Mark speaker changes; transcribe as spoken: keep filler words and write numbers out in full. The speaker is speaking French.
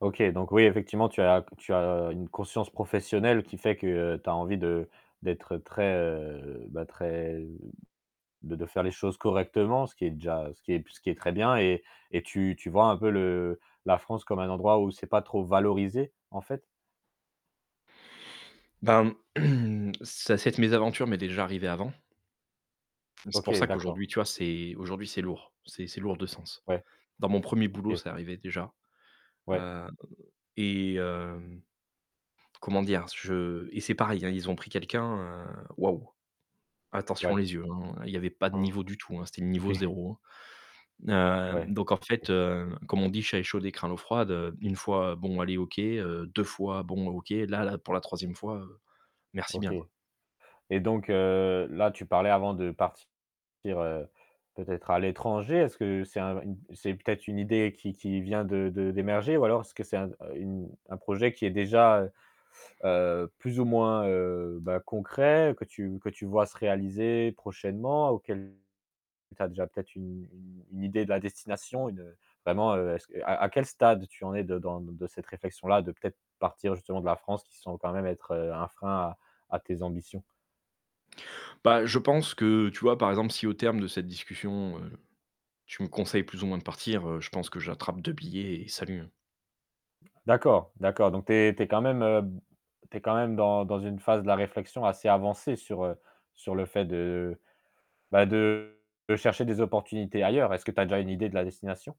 Speaker 1: OK, donc oui, effectivement, tu as tu as une conscience professionnelle qui fait que tu as envie de d'être très, heu, bah très de de faire les choses correctement, ce qui est déjà ce qui est ce qui est très bien et et tu tu vois? Un peu le la France comme un endroit où c'est pas trop valorisé, en fait?
Speaker 2: Ben, ça cette mésaventure m'est déjà arrivé avant c'est
Speaker 1: OK,
Speaker 2: pour ça
Speaker 1: d'accord.
Speaker 2: qu'aujourd'hui, tu vois? C'est aujourd'hui c'est lourd c'est c'est lourd de sens.
Speaker 1: Ouais.
Speaker 2: Dans mon premier boulot,
Speaker 1: OK.
Speaker 2: c'est arrivé déjà,
Speaker 1: Ouais.
Speaker 2: heu, et heu, comment dire? C je et c'est pareil, hein, ils ont pris quelqu'un, heu, waouh!
Speaker 1: Ouais.
Speaker 2: Attention les yeux, hein. Il y avait pas de niveau du tout, hein, c'était le niveau
Speaker 1: OK.
Speaker 2: zéro, hein. Heu,
Speaker 1: Ouais.
Speaker 2: donc en fait, heu, comme on dit: «Chat échaudé craint l'eau froide». Heu, une fois, bon allez, OK, heu, deux fois bon, OK. Là là pour la troisième fois, heu, merci
Speaker 1: OK
Speaker 2: bien, quoi.
Speaker 1: et donc heu, là tu parlais avant de partir, heu, peut-être à l'étranger, est-ce que c'est un une c'est peut-être une idée qui qui vient de de d'émerger? Ou alors, est-ce que c'est un une un projet qui est déjà, heu heu, plus ou moins, heu, bah, concret, que tu que tu vois? Se réaliser prochainement, auquel tu as déjà peut-être une une une idée de la destination, une, heu, vraiment, heu, est-ce q à à quel stade tu en es de dans d de cette réflexion-là, de peut-être, partir justement de la France, qui semble quand même être, heu, un frein à à tes ambitions?
Speaker 2: Bah, je pense que, tu vois? Par exemple, si, au terme de cette discussion, heu, tu me conseilles plus ou moins de partir, heu, je pense que j'attrape deux billets, et salut!
Speaker 1: D'accord, d'accord donc tu es tu es quand même, heu, b tu es quand même dans dans une phase de la réflexion assez avancée sur, heu, sur le fait de, bah, de chercher des opportunités ailleurs, est-ce que tu as déjà une idée de la destination?